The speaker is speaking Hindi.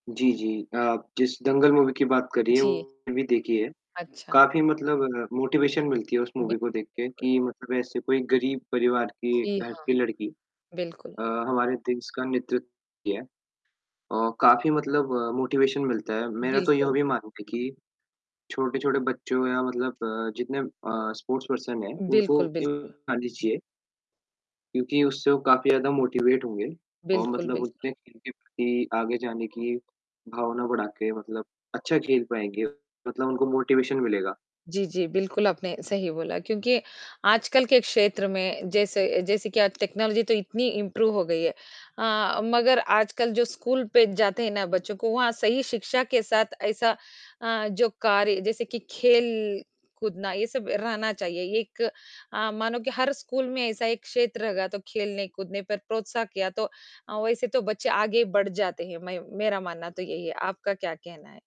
जी, जी। आप जिस दंगल मूवी की बात कर रही है जी। वो भी देखी है। अच्छा। काफ़ी मतलब मोटिवेशन मिलती है उस बि मूवी को देख के बिल्कुल। कि मतलब ऐसे कोई गरीब परिवार की जी घर हाँ, की लड़की। बिल्कुल। अ, हमारे देश का नेतृत्व किया। अ, काफ़ी मतलब मोटिवेशन मिलता है। मेरा तो यह बिल्कुल। भी मानना है कि छोटे-छोटे बच्चों या मतलब अ, जितने अ, स्पोर्ट्स पर्सन है उनको बिल्कुल, ये बिल्कुल। दिखानी चाहिए। क्यूँकि उससे वो काफ़ी ज़्यादा मोटिवेट होंगे और बिल्कुल, मतलब बिल्कुल। उसने खेल की आगे जाने की, भावना बढ़ा के मतलब अच्छा खेल पाएँगे। मतलब उनको मोटिवेशन मिलेगा। जी, जी। बिल्कुल आपने सही बोला क्योंकि आजकल के क्षेत्र में जैसे जैसे कि आज टेक्नोलॉज़ी तो इतनी इम्प्रूव हो गई है अ, मगर आजकल जो स्कूल पर जाते हैं ना बच्चों को वहाँ सही शिक्षा के साथ ऐसा अ, जो कार्य जैसे कि खेल कूदना ये सब रहना चाहिए एक अ, मानो कि हर स्कूल में ऐसा एक क्षेत्र होगा तो खेलने कूदने पर प्रोत्साह किया तो अ, वैसे तो बच्चे आगे बढ़ जाते हैं मैं मेरा मानना तो यही है, आपका क्या कहना है?